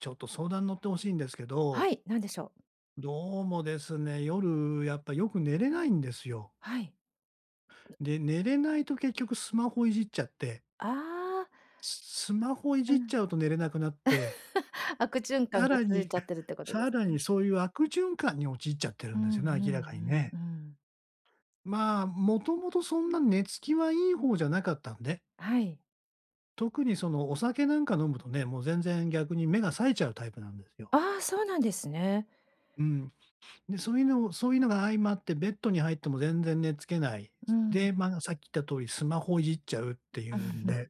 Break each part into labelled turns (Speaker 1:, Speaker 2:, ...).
Speaker 1: ちょっと相談乗って欲しいんですけ
Speaker 2: は
Speaker 1: ど
Speaker 2: い、何でしょう？
Speaker 1: どうもですね、夜やっぱよく寝れないんですよ。
Speaker 2: はい。
Speaker 1: で、寝れないと結局スマホいじっちゃって
Speaker 2: ああ。
Speaker 1: すスマホい
Speaker 2: う
Speaker 1: じっ
Speaker 2: ん。
Speaker 1: ちゃうと寝れなくなって
Speaker 2: 悪循環
Speaker 1: さ
Speaker 2: が
Speaker 1: ら
Speaker 2: 続い
Speaker 1: に、
Speaker 2: ちゃっ てるってことで
Speaker 1: さ
Speaker 2: す
Speaker 1: ら
Speaker 2: ね。
Speaker 1: にそういう悪循環に陥っちゃって
Speaker 2: う
Speaker 1: る
Speaker 2: ん
Speaker 1: ん
Speaker 2: う
Speaker 1: ですよね、明らかに
Speaker 2: んうんう
Speaker 1: ね。
Speaker 2: ん。
Speaker 1: まあ、もともとそんな寝つきはいい方じゃなかったんで
Speaker 2: はい。
Speaker 1: 特に、その、お酒なんか飲むとね、もう全然逆に目が冴えちゃうタイプなんですよ。
Speaker 2: ああ、そうなんですね。
Speaker 1: うん。で、そういうのをそういうのが相まってベッドに入っても全然寝付けない。
Speaker 2: うん。
Speaker 1: で、まあ、さっき言った通りスマホいじっちゃうっていうん で、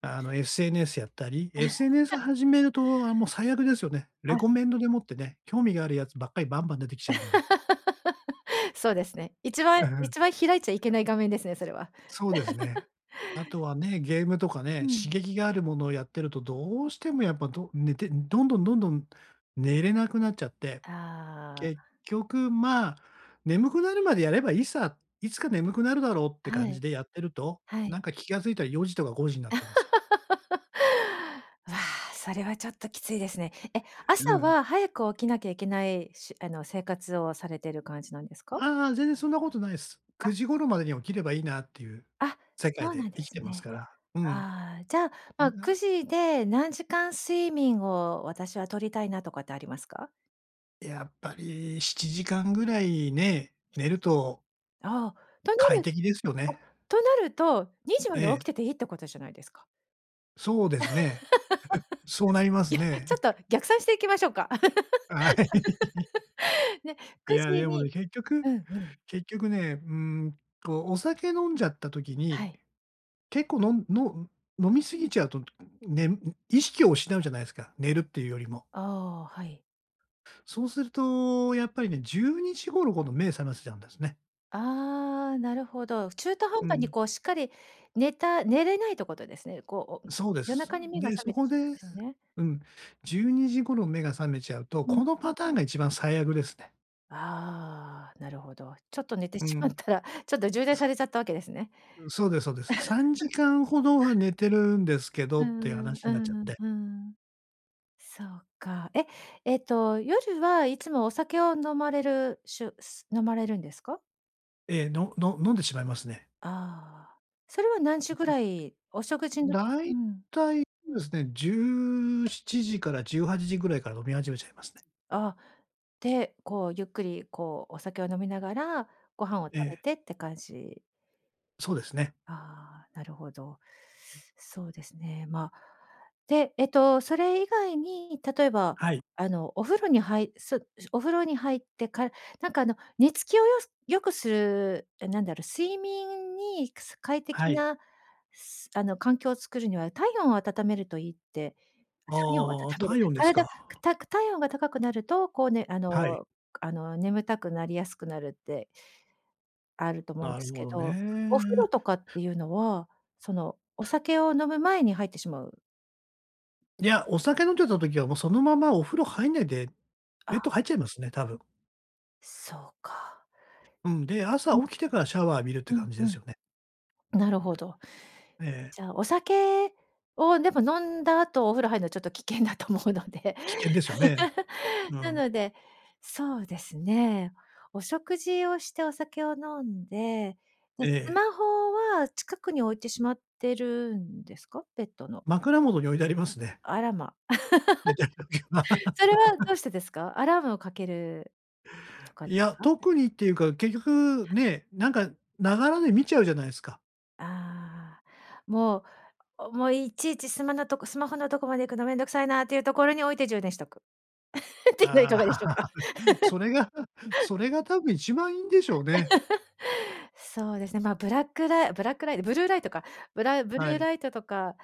Speaker 1: あの、SNS やったり、SNS 始めると、あ、もう最悪ですよね。レ
Speaker 2: あ。
Speaker 1: コメンドでもってね、興味があるやつばっかりバンバン出てきちゃうんで。
Speaker 2: そうですね。一番
Speaker 1: うんうん。
Speaker 2: 一番開いちゃいけない画面ですね、それは。
Speaker 1: そうですね。あとはね、ゲームとか
Speaker 2: う
Speaker 1: ね、
Speaker 2: ん。
Speaker 1: 刺激があるものをやってるとどうしてもやっぱど寝てどんどんどんどん寝れなくなっちゃって。
Speaker 2: ああ。
Speaker 1: 結局、まあ「眠くなるまでやればいいさ。いつか眠くなるだろ」って
Speaker 2: は
Speaker 1: 感じ
Speaker 2: い。
Speaker 1: でやってると、
Speaker 2: は
Speaker 1: な
Speaker 2: い。
Speaker 1: んか気がついたら4時とか5時になってんですよね。
Speaker 2: うわ、それはちょっときついですね。え、
Speaker 1: うん
Speaker 2: 朝
Speaker 1: うん。
Speaker 2: は早く起きなきゃいけないしあの、生活をされてる感じなんですか？
Speaker 1: ああ、全然そんなことないす。
Speaker 2: あ。
Speaker 1: 9時頃までに起きればいいなっていう
Speaker 2: あ、
Speaker 1: 世
Speaker 2: そ
Speaker 1: 界
Speaker 2: うなん
Speaker 1: で
Speaker 2: で
Speaker 1: 生き
Speaker 2: す
Speaker 1: てます
Speaker 2: ね。
Speaker 1: から。うん、
Speaker 2: ああ、じゃあ、ま、
Speaker 1: あ
Speaker 2: く
Speaker 1: あ。
Speaker 2: じで何時間睡眠を私は取りたいなとかってありますか？
Speaker 1: やっぱり7時間ぐらいね、寝る
Speaker 2: し
Speaker 1: と
Speaker 2: あ、ああ、とな
Speaker 1: 快
Speaker 2: る
Speaker 1: 適ですよ
Speaker 2: お、
Speaker 1: ね。
Speaker 2: となると2時まで起
Speaker 1: え
Speaker 2: き
Speaker 1: え。
Speaker 2: てていいってことじゃないですか。
Speaker 1: そうですね。そうなり ま
Speaker 2: い
Speaker 1: す
Speaker 2: や、ちょ
Speaker 1: ね。
Speaker 2: っ と逆算していきましょうか？
Speaker 1: あ、はい。
Speaker 2: ね、
Speaker 1: い
Speaker 2: く
Speaker 1: や、
Speaker 2: じ
Speaker 1: でも
Speaker 2: に
Speaker 1: ね、結局
Speaker 2: うんうん。
Speaker 1: 結局ね、うーん、こうお酒飲んじゃった時
Speaker 2: は
Speaker 1: に、
Speaker 2: い。
Speaker 1: 結構のんの飲み過ぎちゃうと、ねむう意識を失うじゃないすか、寝るっていうよりも。
Speaker 2: ああ、はい。
Speaker 1: そうすると、やっぱりね、12時頃ほど目覚ませちゃうんですね。
Speaker 2: ああ、なるほど。中途半
Speaker 1: う
Speaker 2: 端に、
Speaker 1: ん。
Speaker 2: こう、しっかり寝た寝れないってことですね。こう、お
Speaker 1: そうで
Speaker 2: 夜
Speaker 1: す。う
Speaker 2: 中に目が
Speaker 1: で、
Speaker 2: 覚
Speaker 1: そ
Speaker 2: めて
Speaker 1: こ
Speaker 2: し
Speaker 1: で
Speaker 2: まうんですね。
Speaker 1: うん、うん、
Speaker 2: うん。
Speaker 1: 12時頃、目が覚めちゃうと、
Speaker 2: うん。
Speaker 1: このパターンが一番最悪ですね。
Speaker 2: ああ、なるほど。ちょっと寝て
Speaker 1: う
Speaker 2: しまっ
Speaker 1: ん。く
Speaker 2: たら、ちょっと充電さ
Speaker 1: す
Speaker 2: れちゃったわけですね。
Speaker 1: う、そうでそうです。さんじ かんほどは寝てるんですけど
Speaker 2: う
Speaker 1: っていう
Speaker 2: んうん、
Speaker 1: 話
Speaker 2: う
Speaker 1: なっち
Speaker 2: ん
Speaker 1: ゃっ
Speaker 2: うん、
Speaker 1: て。
Speaker 2: うんうん。そうか。え、ええっと夜はいつもお酒を飲まれるしゅす飲まれるんですか？
Speaker 1: ええ、のの飲んでしまいますね。
Speaker 2: ああ、それは何時
Speaker 1: 結
Speaker 2: ぐ
Speaker 1: 局
Speaker 2: らい、お食事のう
Speaker 1: 大
Speaker 2: ん。
Speaker 1: 体そえすね、17時から18時ぐらいから飲み始めちゃいますね。
Speaker 2: あ、で、こう、ゆっくりこう、お酒を飲みながらご飯を食
Speaker 1: え
Speaker 2: べ
Speaker 1: え。
Speaker 2: て、って感じ？
Speaker 1: そうですね。
Speaker 2: ああ、なるほど。
Speaker 1: うん。
Speaker 2: そうですね。ま、で、えっとそれ以外に、例えば、
Speaker 1: はい。
Speaker 2: あの、お風呂にはいそお風呂に入ってかなんか、あの、寝つきをよす良くする、え、なんだろう、睡眠に、くす快
Speaker 1: は
Speaker 2: 適
Speaker 1: い。
Speaker 2: な、すあの、環境を作るには体温を温めるといいって、体温を温
Speaker 1: ああ、
Speaker 2: める
Speaker 1: 体温です
Speaker 2: 体
Speaker 1: か。
Speaker 2: たく体温が高くなると、こうね、あ
Speaker 1: はい。
Speaker 2: の、くあの、眠たくなりやすくなるってあると思うんで
Speaker 1: な
Speaker 2: す
Speaker 1: るほ
Speaker 2: け
Speaker 1: ど
Speaker 2: ど、お風呂
Speaker 1: ね。
Speaker 2: とかっていうのは、そのお酒を飲む前に入ってしまう？
Speaker 1: いや、お酒飲んでた時はもうそのままお風呂入んないで、ベッ
Speaker 2: あ。
Speaker 1: ド入っちゃいますね、多分。
Speaker 2: そうか。
Speaker 1: うん、で、朝
Speaker 2: うんうん。
Speaker 1: 起きてからシャワー浴びるって
Speaker 2: うん、
Speaker 1: 感じ
Speaker 2: う
Speaker 1: です
Speaker 2: ん、
Speaker 1: よね。
Speaker 2: なるほど。
Speaker 1: ええええ。
Speaker 2: じゃあ、お酒を、でも飲んだ後お風呂入るのはちょっと危険だと思うので。
Speaker 1: 危険ですよね。う
Speaker 2: な
Speaker 1: ん。
Speaker 2: ので、そうですね、お食事をしてお酒を飲んで、で、
Speaker 1: え
Speaker 2: ス
Speaker 1: え。
Speaker 2: マホは近くに置いてしまってるんですか？ベットの。
Speaker 1: 枕元に置いてありますね。
Speaker 2: あらま、
Speaker 1: うん、寝た時は
Speaker 2: それはど うしてですか？アラームをかけるとかで
Speaker 1: いや、
Speaker 2: か？
Speaker 1: 特にっていうか、結局ね、なんか流らで見ちゃうじゃないすか。
Speaker 2: ああ、もう、あ、おもう、いちいちスマのとこスマホのとこまで行くの、めんどくさいなっていうところに置いて、充電しとく。っていうの、いか
Speaker 1: ああ、
Speaker 2: がでしょうか？
Speaker 1: それが、それが多分、一番いいんでしょうね。
Speaker 2: そうですね。ま、ブラックライブラックライトブルーライトか。ブラブル
Speaker 1: は
Speaker 2: ー
Speaker 1: い。
Speaker 2: ライトとか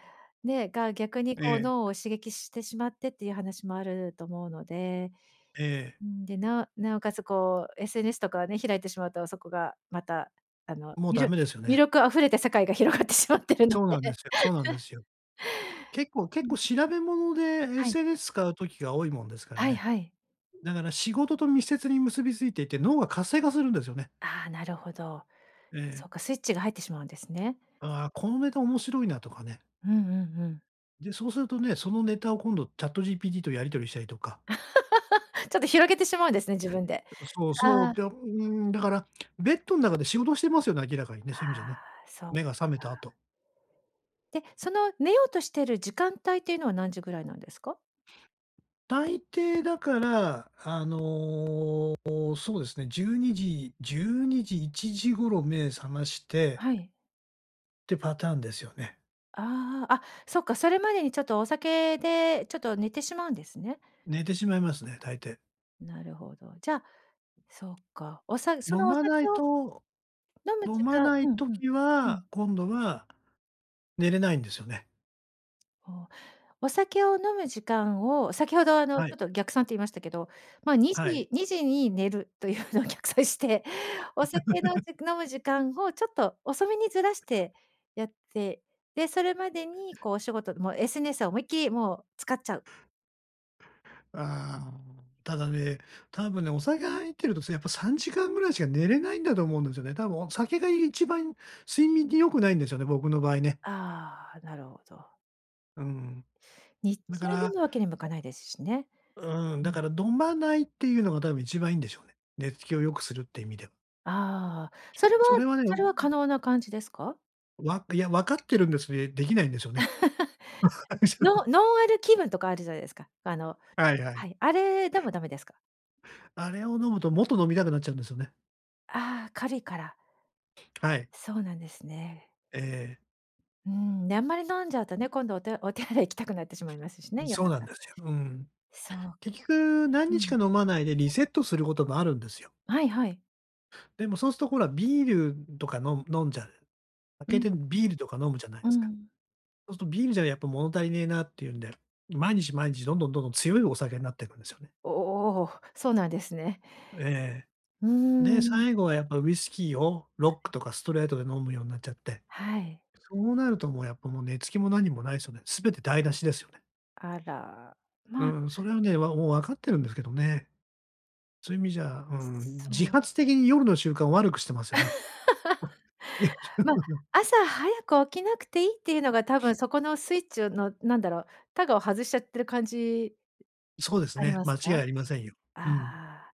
Speaker 2: ねが逆に
Speaker 1: え
Speaker 2: こう、脳
Speaker 1: え。
Speaker 2: を刺激してしまってっていう話も、あると思うので、
Speaker 1: ええええ。
Speaker 2: うーん。で、なおなおかつこう、SNS とかをね、開いてしまうと、そこがまた、あの、
Speaker 1: もう、
Speaker 2: み
Speaker 1: ダ
Speaker 2: る
Speaker 1: メですよ
Speaker 2: 魅
Speaker 1: ね。
Speaker 2: 力溢れた世界が、広がってしまってるの
Speaker 1: そうなんで
Speaker 2: で。
Speaker 1: すよそうなんで すよ。結構
Speaker 2: う
Speaker 1: 結
Speaker 2: んう
Speaker 1: 構、
Speaker 2: ん。
Speaker 1: 調べ物で
Speaker 2: はい。
Speaker 1: SNS 使う時が、多いもんですから
Speaker 2: はい
Speaker 1: ね。
Speaker 2: はい。
Speaker 1: だから仕事と密接に結びついていて、脳が活性化するんですよね。
Speaker 2: ああ、なるほど。
Speaker 1: え
Speaker 2: そ
Speaker 1: え。
Speaker 2: うか、スイッチが入ってしまうんですね。
Speaker 1: ああ、このネタ面白いなとかね。
Speaker 2: うんうんうん。
Speaker 1: で、そうするとね、そのネタを今度、ChatGPT とやり取りしたりとか。
Speaker 2: ちょっと広げてしまうんですね、自分で。
Speaker 1: けど、そう
Speaker 2: あ
Speaker 1: そ
Speaker 2: あ。
Speaker 1: う。で、うーん、だから、ベッドん中で仕事してますよね、明らかにね、そういう意味じゃね。
Speaker 2: ああ、そっ
Speaker 1: 目が覚めた
Speaker 2: か。
Speaker 1: 後。
Speaker 2: で、その、寝ようとしてる時間帯っていうのは、何時ぐらいなんですか？
Speaker 1: 大抵だから、あの。そうですね12時12時1時頃目え覚まして
Speaker 2: はい。
Speaker 1: ってパターンですよね。
Speaker 2: ああ、あそっか、それまでにちょっとお酒でちょっと寝てしまうんですね。
Speaker 1: 寝てしまいますね、大抵。
Speaker 2: なるほど。じゃあ、そっか、おさそ
Speaker 1: 飲
Speaker 2: のお
Speaker 1: ま
Speaker 2: 酒
Speaker 1: ない
Speaker 2: を
Speaker 1: と、
Speaker 2: 飲む
Speaker 1: 飲
Speaker 2: 時
Speaker 1: ま
Speaker 2: 間
Speaker 1: ない
Speaker 2: うんうん、
Speaker 1: 時
Speaker 2: う
Speaker 1: は、
Speaker 2: ん。
Speaker 1: 今度は寝れないんですよね。
Speaker 2: おお、お酒を飲む時間を先ほどあのち
Speaker 1: は
Speaker 2: ょっ
Speaker 1: い。
Speaker 2: と逆算と言いましたけど、まに
Speaker 1: はい。
Speaker 2: じにじに寝るというのを逆算して、お酒の 飲む時間をちょっと遅めにずらしてやって、で、それまでにこうお仕事でも SNS を思いっきりもう使っちゃう。
Speaker 1: ああ、ただね、多分ね、お酒入ってると、やっぱ3時間ぐらいしか寝れないんだと思うんですよね。多分お酒が一番睡眠に良くないんですよね、僕の場合ね。
Speaker 2: ああ、なるほど。
Speaker 1: うん。
Speaker 2: 日
Speaker 1: だ
Speaker 2: 中
Speaker 1: か
Speaker 2: 飲
Speaker 1: ら
Speaker 2: むわけにもいかないですしね。
Speaker 1: うん、
Speaker 2: う
Speaker 1: だ
Speaker 2: ん。
Speaker 1: から飲まないっていうのが多分一番いいんでしょうね。寝つきを良くするって意味で。
Speaker 2: ああ、それは
Speaker 1: それはね。
Speaker 2: それは可能な感じですか？
Speaker 1: わいや、分かってるんです、うえ、出来ないんですよね。
Speaker 2: ノ ノンアル気分とかあるじゃないですか。あの
Speaker 1: はいは
Speaker 2: は
Speaker 1: い。
Speaker 2: い。あれでもダメですか？
Speaker 1: あれを飲むと、もっと飲みたくなっちゃうんですよね。
Speaker 2: ああ、軽いから？
Speaker 1: はい。
Speaker 2: そうなんですね。
Speaker 1: ええ。
Speaker 2: うーん。で、あんまり飲んじゃうとね、今度お手お手洗い行きたくなってしまいますし
Speaker 1: う
Speaker 2: ね。
Speaker 1: ん、
Speaker 2: 夜
Speaker 1: そうなん
Speaker 2: 中。
Speaker 1: ですよ。うん。
Speaker 2: そう。
Speaker 1: 結局何
Speaker 2: う
Speaker 1: 日
Speaker 2: ん。
Speaker 1: か飲まないでリセットすることもあるんですよ。
Speaker 2: はいはい。
Speaker 1: でも、そうすとほらビールとか飲む飲んじゃう。開
Speaker 2: う
Speaker 1: け
Speaker 2: ん、
Speaker 1: て
Speaker 2: う
Speaker 1: ビ
Speaker 2: ん。
Speaker 1: ールとか飲むじゃない
Speaker 2: う
Speaker 1: すか。
Speaker 2: ん。
Speaker 1: そうすとビールじゃやっぱ物足りねえなっていうんで、毎日毎日どんどんどんどん強いお酒なってくんですよね。
Speaker 2: おお、そうなんですね。
Speaker 1: ええええ。
Speaker 2: うー
Speaker 1: で、
Speaker 2: ん。
Speaker 1: 最後はやっぱウイスキーを
Speaker 2: は
Speaker 1: ロック
Speaker 2: い。
Speaker 1: とかストレートで飲むようなっちゃって、
Speaker 2: はい。
Speaker 1: そうなるともうやっぱもう寝つきも何もないすよね。すべて台無しですよね。
Speaker 2: あら、
Speaker 1: う
Speaker 2: まあ
Speaker 1: ーん。それはね、わおう分かってるんですけどね。そういう意味じゃ、うー
Speaker 2: すす
Speaker 1: ん。自
Speaker 2: そう。
Speaker 1: 発的に夜の習慣を悪くしてますよね。いや。
Speaker 2: ま、朝早く起きなくていいっていうのが、多分そこのスイッチをの、何だろう、たがを外しちゃってる感じ、う
Speaker 1: そうです
Speaker 2: あり
Speaker 1: ね。
Speaker 2: ます
Speaker 1: 間
Speaker 2: か？
Speaker 1: 違いありませんよ。うん。
Speaker 2: ああ。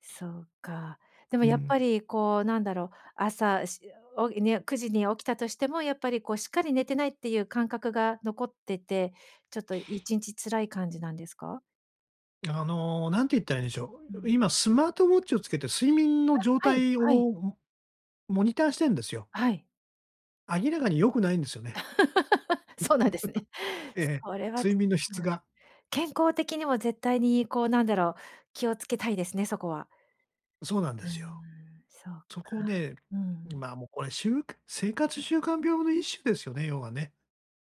Speaker 2: そうか。でも
Speaker 1: う
Speaker 2: やっ
Speaker 1: ん。
Speaker 2: ぱりこうなんだろう、朝、しおげね、9時に起きたとしてもやっぱり、こう、しっかり寝てないっていう感覚が残ってて、ちょっと1日辛い感じなんですか？
Speaker 1: あの、何て言ったらいいんでしょ
Speaker 2: う
Speaker 1: う、
Speaker 2: ん。
Speaker 1: 今スマートウォッチをつけて、睡眠の状
Speaker 2: あ、はい
Speaker 1: 態を
Speaker 2: はい。
Speaker 1: モモニターしてんですよ。
Speaker 2: はい。
Speaker 1: 明らかに良くないんですよね。
Speaker 2: そうなんですね。
Speaker 1: ええ、
Speaker 2: それはち
Speaker 1: 睡
Speaker 2: ょ
Speaker 1: 眠の質
Speaker 2: うん。
Speaker 1: が。
Speaker 2: 健康的にも絶対にこうなんだろう、気をつけたいですね、そこは。
Speaker 1: そうなん
Speaker 2: う
Speaker 1: で
Speaker 2: ー
Speaker 1: す
Speaker 2: ん、
Speaker 1: よ。
Speaker 2: そうか、
Speaker 1: そこね、
Speaker 2: う
Speaker 1: うん、
Speaker 2: ん。
Speaker 1: まあ、もうこれしゅうか生活習慣病の一種ですよね、要はね。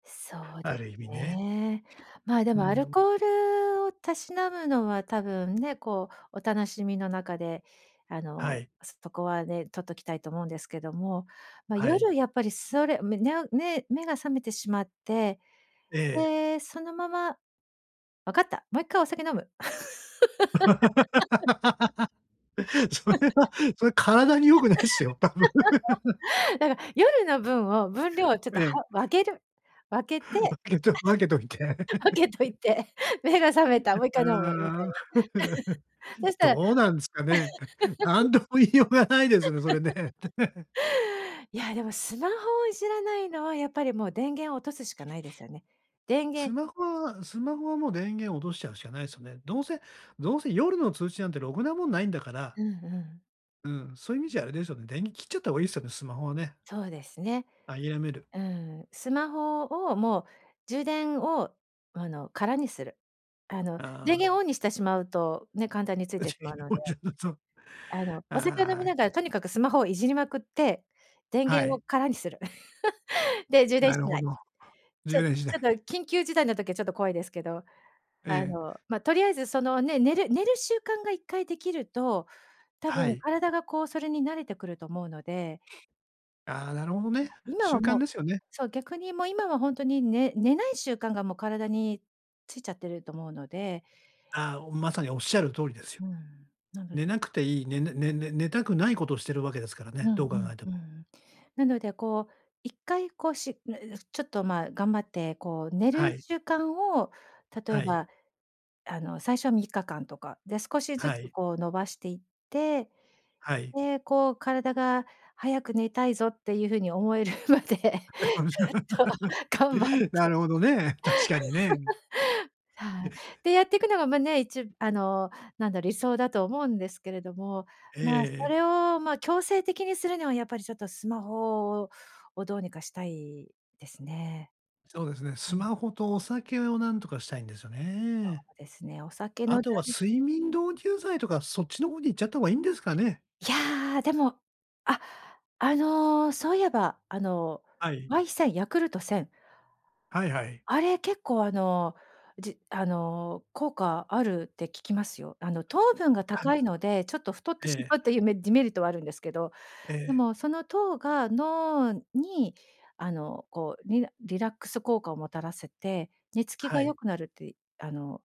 Speaker 2: そうで
Speaker 1: ある意
Speaker 2: す
Speaker 1: 味ね。
Speaker 2: ね。まあで
Speaker 1: う
Speaker 2: もアル
Speaker 1: ん。
Speaker 2: コールをたしなむのは多分ね、こうお楽しみの中であ
Speaker 1: は
Speaker 2: の、
Speaker 1: い。
Speaker 2: そこはね取っときたいと思うんですけども、ま、
Speaker 1: はい。
Speaker 2: 夜やっぱりそれ、めにゃう、ね、目が覚めてしまって、
Speaker 1: ええ。
Speaker 2: で、そのままわかった。もう一回お酒飲む。
Speaker 1: そ れ はそれ体に良くないっすよ、多分。
Speaker 2: だから夜の分を分量をちょっ
Speaker 1: え
Speaker 2: とは
Speaker 1: え。
Speaker 2: 分ける分けて
Speaker 1: 分けと分けといて。
Speaker 2: 分けとい て目が覚めた、もう一
Speaker 1: あ
Speaker 2: 回飲むみた
Speaker 1: あ。
Speaker 2: いな。そ したら
Speaker 1: どうなんですかね。何とも言いようがないですよね、それね。
Speaker 2: いや、でもスマホをいじらないのはやっぱりもう、電源を落とすしかないですよね。電
Speaker 1: ス
Speaker 2: 源
Speaker 1: マホはスマホはもう電源落としちゃうしかないですよね。どうせどうせ夜の通知なんてろくなもんないんだから
Speaker 2: うんうん。
Speaker 1: うん、そういう意味じゃあれですよね。電源切っちゃった方がいいですよね、スマホはね。
Speaker 2: そうですね。
Speaker 1: 諦める。
Speaker 2: うん、スマホをもう充電をあの空にする。あの電
Speaker 1: ああ。
Speaker 2: 源をオンにしてしまうと、ね、簡単についてしまうので。
Speaker 1: そう、
Speaker 2: あのお酒飲み
Speaker 1: ああ、
Speaker 2: ながらと
Speaker 1: け
Speaker 2: にかくスマホをいじりまくって、電
Speaker 1: は
Speaker 2: 源
Speaker 1: い。
Speaker 2: を空にする。で、充電
Speaker 1: なる
Speaker 2: し
Speaker 1: ほ
Speaker 2: ない。
Speaker 1: ど。
Speaker 2: ちょ
Speaker 1: 充
Speaker 2: ち
Speaker 1: 電しな
Speaker 2: ょっと
Speaker 1: い。
Speaker 2: 緊急事態の時はちょっと怖いですけど、
Speaker 1: え
Speaker 2: あ
Speaker 1: え。
Speaker 2: のま、とりあえずそのね、寝る寝る習慣が一回できると、たぶ
Speaker 1: は
Speaker 2: ん
Speaker 1: い。
Speaker 2: 体がこうそれに慣れてくると思うので。
Speaker 1: ああ、なるほどね。
Speaker 2: 今は
Speaker 1: 習
Speaker 2: も
Speaker 1: 慣
Speaker 2: う
Speaker 1: ですよね。
Speaker 2: そう、逆にもう今はほんとに、ね寝ない習慣がもう体についちゃってると思うので。
Speaker 1: ああ、お、まさにおっしゃる通りですよ。
Speaker 2: うん、なの
Speaker 1: 寝
Speaker 2: で
Speaker 1: なくていい、ねねねね寝たくないことをしてるわけですから
Speaker 2: う
Speaker 1: ね、
Speaker 2: ん
Speaker 1: どう考えて
Speaker 2: うん、う
Speaker 1: も。
Speaker 2: ん。なのでこう、一回こうし ちょっとまあ頑張ってこう寝る
Speaker 1: はい。
Speaker 2: 習慣を、例え
Speaker 1: はい。
Speaker 2: ば、あの最初は3日間とか、で少しず
Speaker 1: は
Speaker 2: つ
Speaker 1: い。
Speaker 2: こう、のばしていって、
Speaker 1: はい。
Speaker 2: で、こう体が早く寝たいぞっていうふうに思えるまでちょっと頑張って。
Speaker 1: なるほどね、確かにね。
Speaker 2: はい。てやってくのがまね、いちあの、なんだ、理想だと思うんですけれども、
Speaker 1: え
Speaker 2: まあそ
Speaker 1: え。
Speaker 2: れをま、強制的にするにはやっぱりちょっとスマホをどうにかしたいですね。
Speaker 1: そうですね。
Speaker 2: う
Speaker 1: ス
Speaker 2: ん。
Speaker 1: マホとお酒を何とかしたいんですよ
Speaker 2: そ
Speaker 1: ね。
Speaker 2: うですね、お酒
Speaker 1: あ
Speaker 2: の
Speaker 1: と
Speaker 2: だ
Speaker 1: は
Speaker 2: ん
Speaker 1: 睡眠導入剤とかそっちの方にいっちゃった方がいいんですかね？
Speaker 2: いや、でも、あ、あのそういえばあの
Speaker 1: はい。
Speaker 2: Y1000、ヤクルト1000。
Speaker 1: はいはい。
Speaker 2: あれ結構あの、じあの、効果あるって聞きますよ。あの糖分が
Speaker 1: ため
Speaker 2: 高
Speaker 1: だ
Speaker 2: い
Speaker 1: な。
Speaker 2: ので、ちょっと太って
Speaker 1: え
Speaker 2: し
Speaker 1: え。
Speaker 2: まうっていうめデメリットはあるんですけど、
Speaker 1: え
Speaker 2: で
Speaker 1: え。
Speaker 2: もその糖が脳にあのこうリラリラックス効果をもたらせて、寝つき
Speaker 1: は
Speaker 2: が良
Speaker 1: い。
Speaker 2: くなるってあの、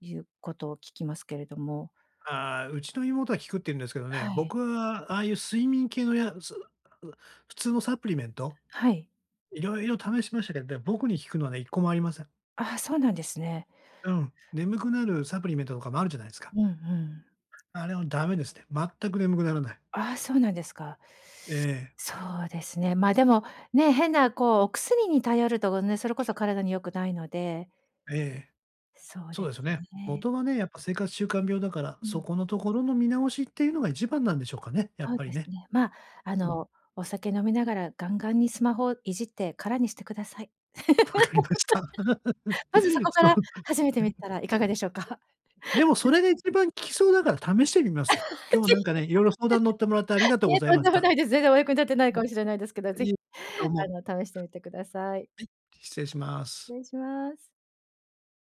Speaker 2: いうことを聞きますけれども。
Speaker 1: ああ、うちの妹は効くって言うんですけど
Speaker 2: は
Speaker 1: ね、
Speaker 2: い。
Speaker 1: 僕はああいう睡眠系のやつ、う、普通のサプリメント
Speaker 2: はい。
Speaker 1: 色々試しましたけど、でも僕に効くのはね1個もありません。
Speaker 2: ああ、そうなんですね。
Speaker 1: うん、眠くなるサプリメントとかもあるじゃないすか。
Speaker 2: うんうん。
Speaker 1: あれもダメですね。全く眠くならない。
Speaker 2: ああ、そうなんですか。
Speaker 1: ええ。
Speaker 2: そうですね。までも、ね、変なこうお薬に頼るとね、それこそ体に良くないので。
Speaker 1: ええ。
Speaker 2: そう
Speaker 1: そう
Speaker 2: で
Speaker 1: で
Speaker 2: す
Speaker 1: すよね。
Speaker 2: ね。
Speaker 1: 元はね、やっぱ生活習慣病だから、
Speaker 2: う
Speaker 1: そ
Speaker 2: ん。
Speaker 1: このところの見直しっていうのが一番なんでしょうかね、やっ
Speaker 2: そう
Speaker 1: ぱり
Speaker 2: です
Speaker 1: ね。
Speaker 2: ね。まあ、あ
Speaker 1: うん。
Speaker 2: のお酒飲みながらガンガンにスマホをいじって空にしてください。
Speaker 1: 分かりました。
Speaker 2: まずそ こか
Speaker 1: そ
Speaker 2: ら
Speaker 1: う。
Speaker 2: 始めてみたらいかが でしょうか？
Speaker 1: でもそれ が一番効きそうだから試してみますよ。今日は
Speaker 2: 是非。
Speaker 1: なんかね、色々相談乗ってもらってありが
Speaker 2: [unintelligible]
Speaker 1: とう
Speaker 2: い
Speaker 1: ご
Speaker 2: え、
Speaker 1: ざい
Speaker 2: とん
Speaker 1: ま
Speaker 2: で
Speaker 1: し
Speaker 2: も
Speaker 1: た。
Speaker 2: ないです。全然お役に立ってない
Speaker 1: う
Speaker 2: かもしれないですけど、
Speaker 1: ん。
Speaker 2: ぜ
Speaker 1: い
Speaker 2: ひ
Speaker 1: え、どう
Speaker 2: あ
Speaker 1: も。
Speaker 2: の試してみてください。
Speaker 1: はい、失礼します。
Speaker 2: 失礼します。